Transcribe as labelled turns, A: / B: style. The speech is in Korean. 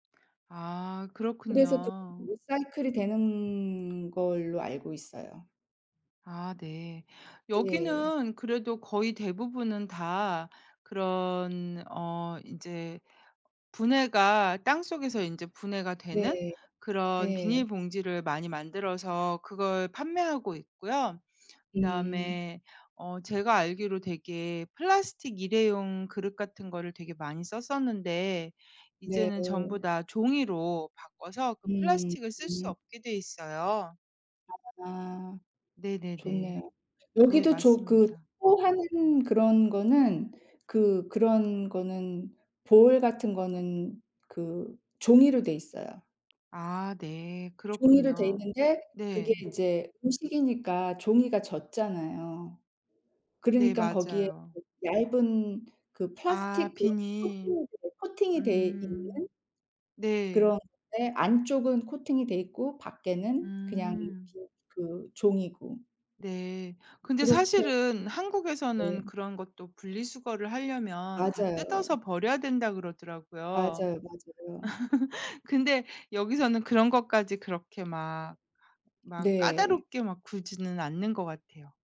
A: 아
B: 그래서 쪼끔
A: 그렇군요.
B: 리사이클이 되는 걸로 알고 있어요.
A: 아 네.
B: 예.
A: 여기는 그래도 거의 대부분은 다 그런 어 인제 분해가 땅속에서 인제 분해가 되는
B: 네.
A: 그런
B: 네.
A: 비닐봉지를 많이 만들어서 그걸 판매하고 있고요.
B: 음.
A: 그다음에 어 제가 알기로 되게 플라스틱 1 회용 그릇 같은 거를 되게 많이 썼었는데 이제는 전부
B: 네.
A: 다 종이로 바꿔서 그
B: 음
A: 플라스틱을 쓸 수
B: 음.
A: 없게 돼 있어요.
B: 아.
A: 네네네.
B: 좋네요.
A: 네,
B: 여기도 조 그
A: 맞습니다.
B: 쉐어하는 그런 거는, 그 그런 거는 볼 같은 거는 그 종이로 돼 있어요.
A: 아 네,
B: 종이로 돼
A: 그렇군요.
B: 있는데 그게
A: 네.
B: 이제 음식이니까 종이가 젖잖아요.
A: 네,
B: 그러니깐 거기에
A: 맞아요.
B: 그 얇은 그
A: 아
B: 플라스틱 그런
A: 비닐.
B: 코팅이 돼 코팅이 돼 있는
A: 음 네.
B: 그런 건데 안쪽은 코팅이 돼 있고 밖에는 그냥 빈
A: 음.
B: 그 종이고
A: 네. 근데
B: 그렇게
A: 사실은
B: 네.
A: 한국에서는 "그런 것도 분리 수거를 하려면 다
B: 맞아요.
A: 뜯어서 버려야 된다." 그러더라고요.
B: 맞아요, 맞아요.
A: 근데 여기서는 그런 것까지 그렇게 막, 막
B: 네.
A: 까다롭게 막 굴지는 않는 것 같아요.